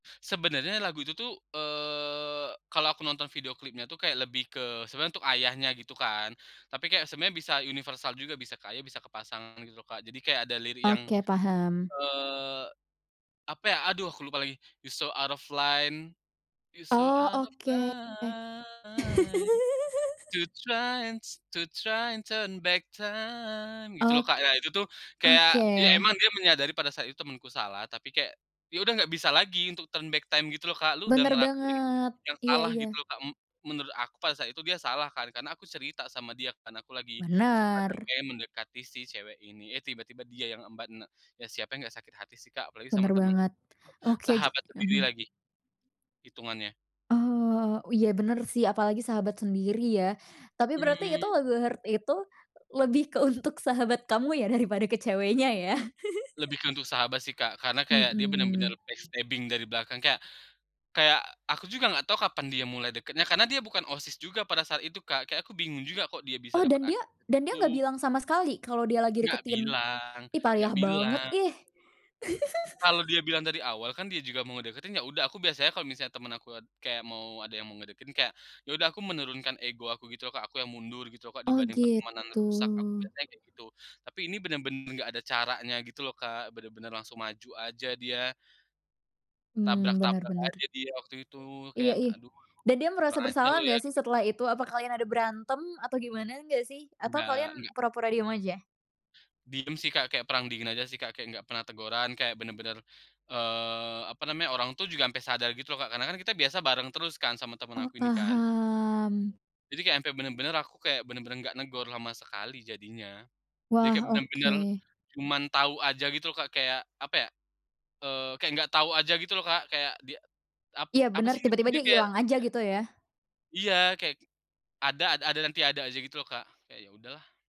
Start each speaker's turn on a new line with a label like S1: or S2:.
S1: Sebenarnya lagu itu tuh, eee, kalau aku nonton video klipnya tuh kayak lebih ke sebenarnya untuk ayahnya gitu kan. Tapi kayak sebenarnya bisa universal juga, bisa kayak, bisa ke pasangan gitu loh Kak, jadi kayak ada lirik yang,
S2: Oke paham.
S1: eee, apa ya, aduh aku lupa lagi. "You're so out of line, you're so
S2: Oh
S1: out of
S2: oke.
S1: line, to try and s to try and turn back time," gitu loh
S2: Ok
S1: Kak, ya itu tuh kayak,
S2: oke.
S1: ya emang dia menyadari pada saat itu temanku salah, tapi kayak, ya udah nggak bisa lagi turn back time gitu loh Kak. "Lu udah
S2: Benar
S1: ngelakuin
S2: banget,
S1: yang
S2: iya
S1: salah,"
S2: iya.
S1: gitu loh Kak, menurut aku pada saat itu dia salah kan, karena aku cerita sama dia kan, aku lagi suka dan
S2: Benar.
S1: kayak mendekati si cewek ini, eh tiba-tiba dia yang embat. Nah, siapa yang nggak sakit hati sih Kak, apalagi sama
S2: Benar
S1: teman
S2: banget.
S1: sendiri,
S2: Oke
S1: sahabat
S2: ja
S1: sendiri
S2: mhm.
S1: lagi itungannya.
S2: Oh, oh iya benar sih, apalagi sahabat sendiri ya, tapi berarti
S1: Hmm.
S2: lagu Heart itu lebih ke untuk sahabat kamu ya daripada ke ceweknya ya?
S1: Lebih ke untuk sahabat sih Kak. Karena kayak dia benar-benar
S2: Mhm.
S1: backstabbing dari belakang kayak kayak aku juga nggak tahu kapan dia mulai deketnya, karena dia bukan OSIS juga pada saat itu Kak, kayak aku bingung juga kok dia bisa
S2: Oh, dan
S1: dapat
S2: dia
S1: akses ke
S2: dan dia nggak
S1: situ.
S2: bilang sama sekali, kalau dia lagi
S1: Nggak
S2: deketin?
S1: bilang
S2: Ih
S1: nggak
S2: payah banget
S1: bilang.
S2: ih.
S1: Kalau dia bilang dari awal kan, dia juga mau ngedeketin, ya udah, aku biasanya kalau misalnya teman aku kayak mau ada yang ngedeketin, kayak, ya udah aku menurunkan ego aku gitu loh Kak, aku yang mundur gitu Kak,
S2: Oh
S1: dibanding pertemanan
S2: gitu.
S1: rusak, aku biasanya kayak gitu. Tapi ini benar-benar nggak ada caranya gitu loh Kak, benar-benar langsung maju aja dia
S2: Hmm, benar
S1: tabrak-tabrak
S2: benar.
S1: aja dia waktu itu,
S2: Iya
S1: kayak
S2: ih,
S1: "Aduh aduh
S2: dan dia
S1: kurang
S2: merasa
S1: ajar lu
S2: bersalah
S1: ya,"
S2: nggak sih
S1: gitu.
S2: setelah itu, apa kalian ada berantem atau gimana nggak sih, atau
S1: Enggak
S2: kalian,
S1: enggak.
S2: pura-pura diem aja?
S1: Diam sih Kak, kayak perang dingin aja sih Kak, kayak nggak pernah teguran, kayak benar-benar, eee, apa namanya, orang tuh juga sampai sadar gitu loh Kak, karena kan kita biasa bareng terus kan, sama teman
S2: Oh,
S1: aku ini kan.
S2: paham.
S1: Jadi kayak sampe benar-benar aku kayak benar-benar nggak negur sama sekali jadinya. Jadi kayak
S2: Wah,
S1: benar-benar
S2: oke.
S1: cuman tau aja gitu loh Kak, kayak, apa ya, eee, kayak nggak tau aja gitu loh Kak, kayak dia ap
S2: Iya
S1: apa
S2: benar,
S1: sih
S2: tiba-tiba
S1: nyebutnya
S2: dia
S1: kayak
S2: ilang aja, gitu ya.
S1: Iya, kayak ada ada ada dan tiada aja gitu loh Kak, kayak ya udahlah.